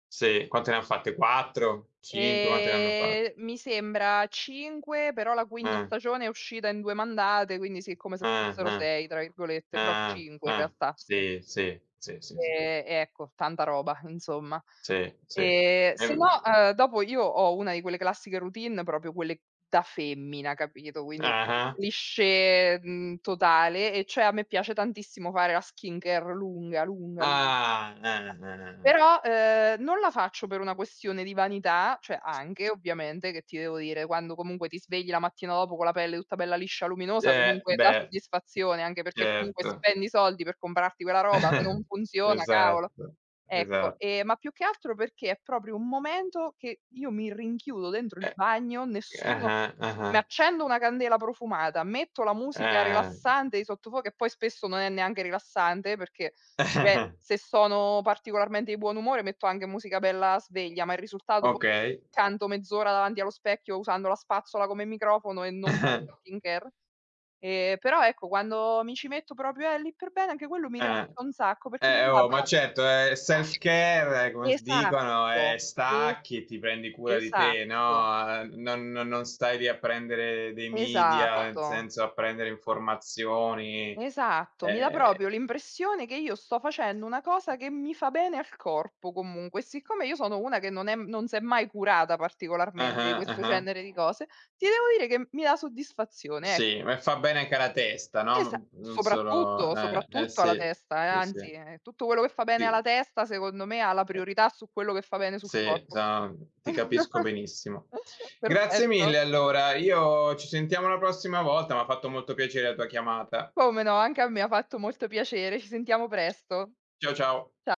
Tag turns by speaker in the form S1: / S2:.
S1: Se, quante ne ha fatte, 4, 5, quante ne hanno
S2: Ehm,
S1: fatte?
S2: mi sembra 5, però la quinta
S1: Eh.
S2: stagione è uscita in 2 mandate, quindi sì come se
S1: Eh,
S2: fossero
S1: eh.
S2: "6" tra virgolette,
S1: Eh,
S2: però
S1: eh,
S2: 5 in
S1: eh.
S2: realtà, sì.
S1: Sì, sì, sì, sì, sì.
S2: Ehm, ecco, tanta roba insomma.
S1: Sì, sì.
S2: Ehm, se no,
S1: Ehm
S2: uhm, dopo io ho una di quelle classiche routine proprio quelle da femmina capito, quindi [unintelligible]
S1: Ah-ah.
S2: cliché, mhmm, totale e cioè a me piace tantissimo fare la skin care lunga, lunga, lunga.
S1: Ah, eh, eh, eh, eh.
S2: Però, uhm, non la faccio per una questione di vanità, cioè anche ovviamente: che ti devo dire quando comunque ti svegli la mattina dopo con la pelle tutta bella liscia luminosa
S1: Eh
S2: comunque dà
S1: bhe.
S2: soddisfazione, anche perché comunque
S1: Certo.
S2: spendi soldi per comprarti quella roba se non funziona
S1: Esatto,
S2: cavolo. Ecco,
S1: esa
S2: ehm, ma più che altro perché è proprio un momento che io mi rinchiudo dentro il
S1: Eh
S2: bagno,
S1: Eh,
S2: nessuno
S1: ah-ah,
S2: mi
S1: ah-ah.
S2: accendo una candela profumata, metto la musica
S1: Ah.
S2: rilassante di sottofondo e poi spesso non è neanche rilassante perché beh, se sono particolarmente di buon umore metto anche musica bella sveglia, ma il risultato poi
S1: Okay.
S2: canto mezz'ora davanti allo specchio usando la spazzola come microfono e non faccio skin care. Ehm, però ecco quando mi ci metto proprio, eh lì per bene anche quello mi
S1: Eh.
S2: rilassa un sacco perché mi
S1: Eh
S2: dà
S1: oh, ma
S2: pro
S1: certo, è self care, come s dicono, eh
S2: Esatto, esa
S1: stacchi, ti pendi cura di te,
S2: esatto.
S1: no, uhm, non non non stai lì a prendere dei media, nel
S2: Esatto.
S1: senso a prendere informazioni.
S2: Esatto, mi dà proprio
S1: Ehm
S2: l'impressione che io sto facendo una cosa che mi fa bene al corpo comunque. Siccome io sono una che non è non s'è mai curata particolarmente di
S1: Ah-ah,
S2: questo
S1: ah-ah.
S2: genere di cose, ti devo dire che mi dà soddisfazione, e
S1: Sì, me fa bene anche alla testa, no,
S2: Esa
S1: non non solo
S2: soprattutto,
S1: eh, eh
S2: soprattutto alla
S1: sì.
S2: testa eh,
S1: Sì,
S2: anzi,
S1: sì.
S2: eh-eh, tutto quello che fa bene alla
S1: Sì.
S2: testa secondo me ha la
S1: [unintelligible]
S2: priorità su quello che fa bene sul
S1: Sì,
S2: corpo.
S1: già ti capisco benissimo. Grazie
S2: Perfetto.
S1: mille allora, io ci sentiamo la prossima volta, m'ha fatto molto piacere la tua chiamata.
S2: Come no, anche a me ha fatto molto piacere. Ci sentiamo presto.
S1: Ciao, ciao.
S2: Cia